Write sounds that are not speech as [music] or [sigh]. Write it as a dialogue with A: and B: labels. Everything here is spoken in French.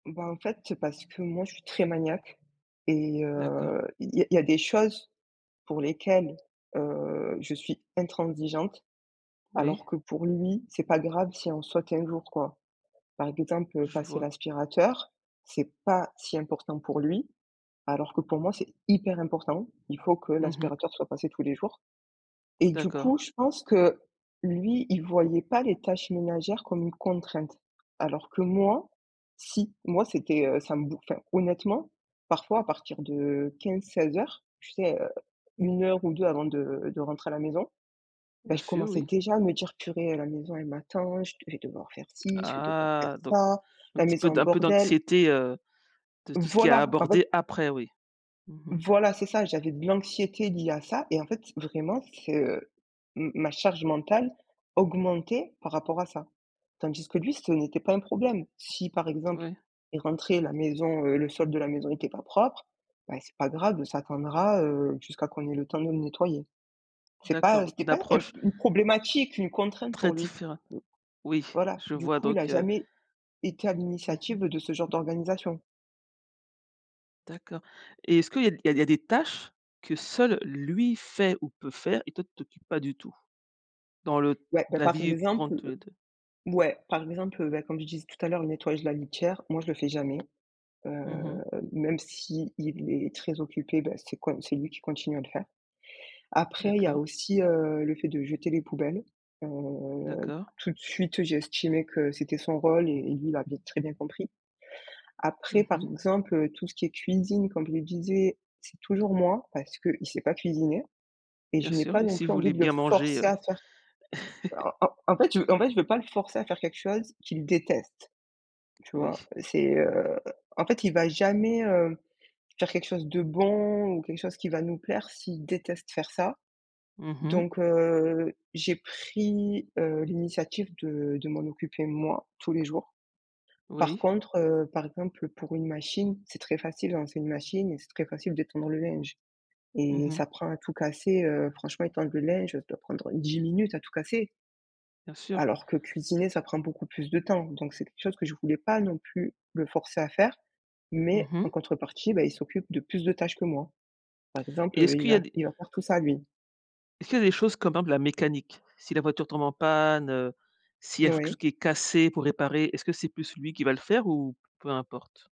A: Ben, en fait, parce que moi, je suis très maniaque. Et
B: D'accord.
A: heu, il y a il y a des choses pour lesquelles, heu, je suis intransigeante, alors
B: Oui.
A: que pour lui, c'est pas grave si on saute un jour, quoi. Par exemple,
B: Je
A: passer
B: vois.
A: l'aspirateur, c'est pas si important pour lui, alors que pour moi, c'est hyper important. Il faut que
B: Mmh mh.
A: l'aspirateur soit passé tous les jours. Et du coup,
B: D'accord.
A: je pense que, lui, il voyait pas les tâches ménagères comme une contrainte. Alors que moi, si. Moi c'était, heu ça me bouf enfin honnêtement, parfois à partir de 15:00-16:00, tu sais heu, 1 heure ou 2 avant de de rentrer à la maison, ben,
B: Bien
A: je
B: sûr,
A: commençais
B: oui.
A: déjà à me dire: «Purée, la maison elle m'attend, je d vais devoir faire ci, je vais devoir faire
B: Ah, donc
A: ça,
B: un
A: la
B: petit
A: maison
B: peu
A: en
B: un peu
A: bordel».
B: d'anxiété, heu, de tout ce qui est à
A: Voilà! En fait
B: aborder après, oui. Mmh mh.
A: Voilà, c'est ça, j'avais de l'anxiété liée à ça et en fait, vraiment, c'est, heu, m ma charge mentale, augmentait par rapport à ça. Tandis que lui, ce n'était pas un problème. Si par exemple,
B: Ouais.
A: il rentrait, la maison, heu, le sol de la maison était pas propre, bah, c'est pas grave ça attendra, heu, jusqu'à qu'on ait le temps de le nettoyer. C'est
B: D'accord,
A: pas
B: donc
A: c'était
B: une
A: pas un
B: approche
A: une problématique, une contrainte
B: très
A: pour lui.
B: différe Oui,
A: Voilà,
B: je
A: du
B: vois,
A: coup, il a
B: donc, heu
A: jamais été à
B: Mmh mh.
A: l'initiative de ce genre d'organisation.
B: D'accord. Et est-ce qu'il y a d il y a il y a des tâches, que seul lui fait ou peut faire et toi tu t'occupes pas du tout? Dans le
A: Ouais, bah,
B: la
A: parce
B: vie courante
A: exemple
B: tous les 2.
A: ouais, par exemple, ben, comme je disais tout à l'heure, le nettoyage de la litière, moi je le fais jamais. Heu,
B: Mmh mh.
A: même s'il est très occupé, ben, c'est quan c'est lui qui continue à le faire. Après, il y a
B: D'accord.
A: aussi, heu, le fait de jeter les poubelles. Heu,
B: D'accord.
A: tout de suite j'ai estimé que c'était son rôle et lui il l'avait très bien compris. Après
B: Mmh
A: par
B: mh.
A: exemple tout ce qui est cuisine comme je le disais, c'est toujours moi parce qu'il sait pas cuisiner et
B: Bien
A: je n'ai
B: sûr,
A: pas
B: et
A: non
B: si
A: plus envie
B: voulez
A: de le
B: bien manger,
A: forcer
B: heu?
A: à faire
B: [chuckles]
A: bah, en en fait en fait, je veux pas le forcer à faire quelque chose qu'il déteste. Tu
B: Oui.
A: vois? C'est heu en fait il va jamais, heu, faire quelque chose de bon ou quelque chose qui va nous plaire s'il déteste faire ça.
B: Mmh mh.
A: Donc, heu, j'ai pris, heu, l'initiative de de m'en occuper moi, tous les jours. Par
B: Oui.
A: contre, heu, par exemple pour une machine, c'est très facile de lancer une machine et c'est très facile d'étendre le linge.
B: Mmh
A: Et
B: mh.
A: ça prend à tout casser, heu, franchement, étendre le linge, ça doit prendre 10 minutes à tout casser?
B: Bien sûr.
A: Alors que cuisiner, ça prend beaucoup plus de temps. Donc, c'est quelque chose que je voulais pas non plus le forcer à faire,
B: Mmh
A: mais en
B: mh.
A: contrepartie, bah, il s'occupe de plus de tâches que moi. Par
B: Et
A: exemple,
B: est-ce
A: il
B: qu'il y a
A: va
B: des
A: il va faire tout ça, lui.
B: Est-ce qu'il y des choses comme par exemple la mécanique? Si la voiture tombe en panne, heu, s'il y quelque chose
A: Oui.
B: qui est cassé pour réparer, est-ce que c'est plus lui qui va le faire ou peu importe?